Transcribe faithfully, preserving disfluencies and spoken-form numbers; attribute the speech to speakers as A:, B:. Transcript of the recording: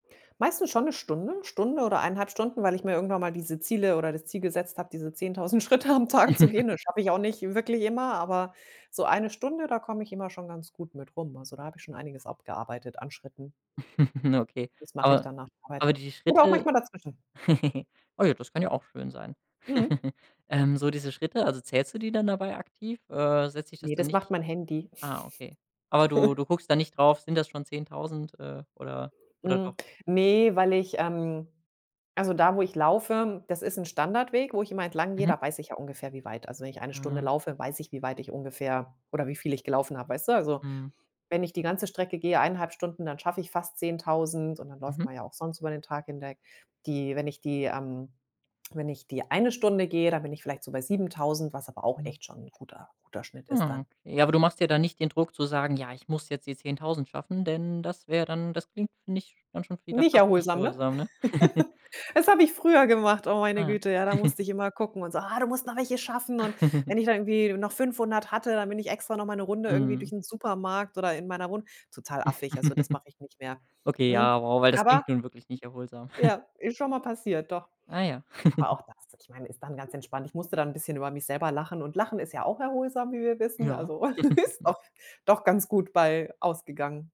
A: Meistens schon 'ne Stunde, Stunde oder eineinhalb Stunden, weil ich mir irgendwann mal diese Ziele oder das Ziel gesetzt habe, diese zehntausend Schritte am Tag zu gehen. Das schaffe ich auch nicht wirklich immer, aber, so eine Stunde, da komme ich immer schon ganz gut mit rum. Also da habe ich schon einiges abgearbeitet an Schritten.
B: Okay,
A: Das mache ich
B: aber
A: dann nach der Arbeit
B: aber die
A: oder auch
B: Schritte
A: manchmal dazwischen.
B: oh ja, das kann ja auch schön sein.
A: Mhm.
B: Ähm, so diese Schritte, also zählst du die dann dabei aktiv? Äh, setzt sich das
A: Ne,
B: dann
A: das macht
B: nicht
A: mein Handy.
B: ah, okay. Aber du du guckst da nicht drauf, sind das schon zehntausend, äh, oder oder
A: Hm,
B: doch?
A: ne, weil ich ähm, also da, wo ich laufe, das ist 'n Standardweg, wo ich immer entlang gehe,
B: Mhm.
A: da weiß ich ja ungefähr, wie weit. Also wenn ich eine Stunde
B: Mhm.
A: laufe, weiß ich, wie weit ich ungefähr oder wie viel ich gelaufen habe, weißt du? Also,
B: Mhm.
A: wenn ich die ganze Strecke gehe, eineinhalb Stunden, dann schaffe ich fast zehntausend und dann läuft
B: Mhm.
A: man ja auch sonst über den Tag hinweg. Die, wenn ich die ähm, wenn ich die eine Stunde gehe, dann bin ich vielleicht so bei siebentausend, was aber auch
B: Hm.
A: echt schon 'n guter guter Schnitt ist
B: Mm,
A: dann.
B: okay. Ja aber du machst dir da dann nicht den Druck zu sagen: „Ja, ich muss jetzt die zehntausend schaffen“, denn das wäre dann das klingt nicht dann schon wieder
A: Nicht
B: fast nicht
A: erholsam, ne?
B: erholsam, ne?
A: Das habe ich früher gemacht. Oh meine
B: Ah.
A: Güte, ja, da musste ich immer gucken und so: „Ah, du musst noch welche schaffen.“ Und wenn ich da irgendwie noch fünfhundert hatte, dann bin ich extra noch mal 'ne Runde irgendwie
B: Mhm.
A: durch 'n Supermarkt oder in meiner Wohnung total affig. Also das mache ich nicht mehr.
B: Okay,
A: Hm,
B: ja, wow, weil das
A: aber
B: klingt nun wirklich nicht erholsam.
A: ja, ist schon mal passiert, doch.
B: Ah ja.
A: Aber auch das, ich meine, ist dann ganz entspannt. Ich musste dann bisschen über mich selber lachen und lachen ist ja auch erholsam, wie wir wissen.
B: Ja.
A: Also ist doch doch ganz gut bei ausgegangen.